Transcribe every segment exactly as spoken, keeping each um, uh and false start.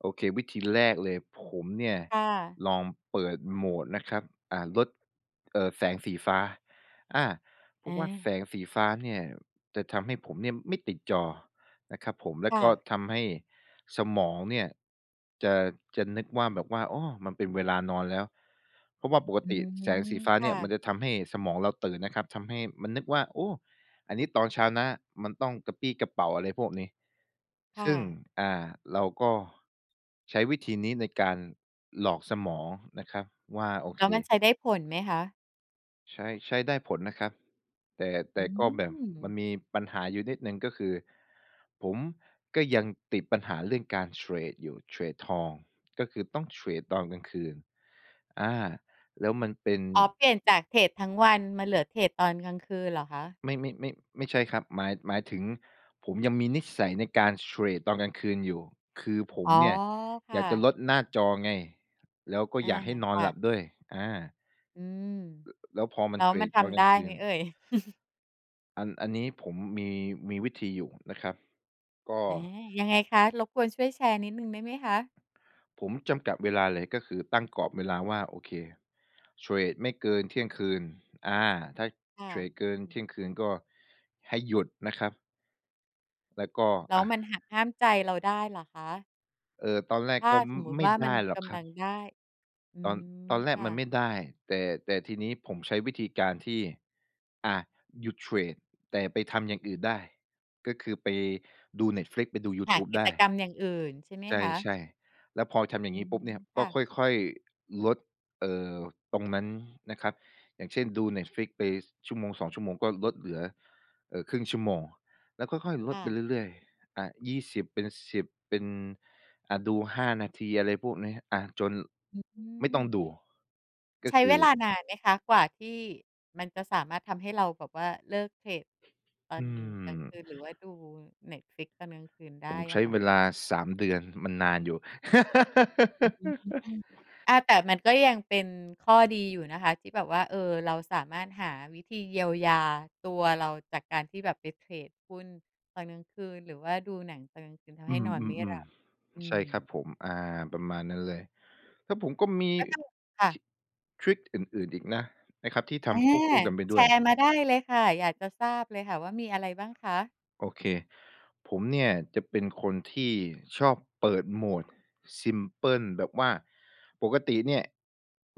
โอเค วิธีแรกเลย ผมเนี่ย ค่ะ ลองเปิดโหมดนะครับ อ่า ลด เอ่อ แสงสีฟ้า อา เพราอะว่าา แสงสีฟ้าเนี่ยจะทำให้ผมเนี่ยไม่ติดจอนะครับผม แล้คว่ก็ะ ทำให้สมองเนี่ยจะ จะนึกว่าแบบว่า อ้อ มันเป็นเวลานอนแล้ว เพราะว่าปกอืติแสงสม ีฟ้าคเนี่่ะ ยมันจะทำให้สมองเราตื่นนะครับ ทำให้มันนึกว่า โอ้ อันนี้ตอนเช้านะ มันต้องกระปรี้กระเปร่า อะไรพวกนี้ ค่ซึ่ง ะ อ่า เราก็ใช้วิธีนี้ในการหลอกสมองนะครับว่า โอแลเ้วมันค ใช้ได้ผลไหมคะ? ใช่ ใช้ได้ผลนะครับ แต่ แอตื่ก็แบบมันม มีปัญหาอยู่นิดหนึ่งก็คือ ผมก็ยังติดปัญหาเรื่องการเทรดอยู่ เทรดทอง ก็คือต้องเทรดตอนกลางคืน อา แล้วมันเป็น อ๋อ เปลี่ยนจากเทรดทั้งวันมาเหลือเทรดตอนกลางคืนเหรอคะ? ไม่ ไม่ ไม่ ไม่ใช่ครับ หมาย หมายถึงผมยังมีนิสัยในการเทรดตอนกลางคืนอยู่ คือผอม๋อ เนี่ยคอ่ยากจะะ ลดหน้าจอไง แล้วก็อา อยากให้นอคน่หลับะ ด้วย อา ล อืม แล้วพอมแัล้นวเทรมันดทเอาำไจด้รไิหมง เอๆ ่ย? อัน อันนี้ผมมี มีวิธีอยู่นะครับ ก็ อา ยังไงคะ รบกวนช่วยแชร์นิดหนึ่งได้ไหมคะ? ผมจำกัดเวลาเลย ก็คือตั้งกรอบเวลาว่า โอเค เทรดไม่เกินเที่ยงคืน อา ถ้าค่เะ ทรดเกินอืเทม ี่ยงคืนก็ให้หยุดนะครับ แล้วก็ แลอ้วา มันหักห้ามใจเราได้เหรอคะ? เอ่อ ตอนแรกถ้าก็ ม สมมตไมิ่ว่าไดมัน้หรอกกคำรัลับ งได้ อืตอน ตม อนแรคก่มันไมะ ่ได้ แต่ แต่ทีนี้ผมใช้วิธีการที่ อา หยุดเทรด แต่ไปทำอย่างอื่นได้ ก็คือไปดู Netflix ไปดูยูหทาูบกิไดจ้ กรรมอย่างอื่น ใช่ไหมใคะ? ช่ ๆ แล้วพอทำอย่าองืงี้ปม ุ๊บเนี่ย คก่็ะ ค่อย ๆ ลด เอ่อ ตรงนั้นนะครับ อย่างเช่นดู Netflix ไปชั่วโมง สอง ชั่วโมงก็ลดเหลือ เอ่อ ครึ่งชั่วโมง แล้วค่อย ๆ ลคด่ไปะ เรื่อย ๆ อา ยี่สิบ เป็น สิบ เป็น อ่า ดู ห้า นาที อะไรพวกนี้ อา จนอืไม่ต้องม ดู กใ็ช้คเืวลาอ นานไหมคะ กว่าที่มันจะสามารถทำให้เราแบบว่าเลิกเทรดตออืนอ กลางคืน หรือว่าดู Netflix ตอนกลางคืนได้ผมใชอ้ะค่ะ? เวลา สาม เดือน มันนานอยู่ อืม อา แต่มันก็ยังเป็นข้อดีอยู่นะคะ ที่แบบว่า เออ เราสามารถหาวิธีเยียวยาตัวเรา จากการที่แบบไปเทรดหุ้นตอนกลางคืน หรือว่าดูหนังตอนกลางคืน ทำอใืห้นอนไม่หลัม บ ๆ อืๆ ใช่ม ครับผม อา ประมาณนั้นเลย แล้วผมก็มี ก็ต้อง ค่ท ะ ทริกอื่น ๆ อีกนะ นะครับที่ทอา ำควบคู่กันไปแด้ชวรย ์มาได้เลยค่ะ อยากจะทราบเลยค่ะว่ามีอะไรบ้างคะ? โอเค ผมเนี่ยจะเป็นคนที่ชอบเปิดโหมด ซิมเพิล แบบว่าปกติเนี่ย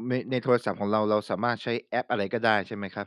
ใน ในโทรศัพท์ของเรา เราสามารถใช้แอปอะไรก็ได้ ใช่ไหมครับ?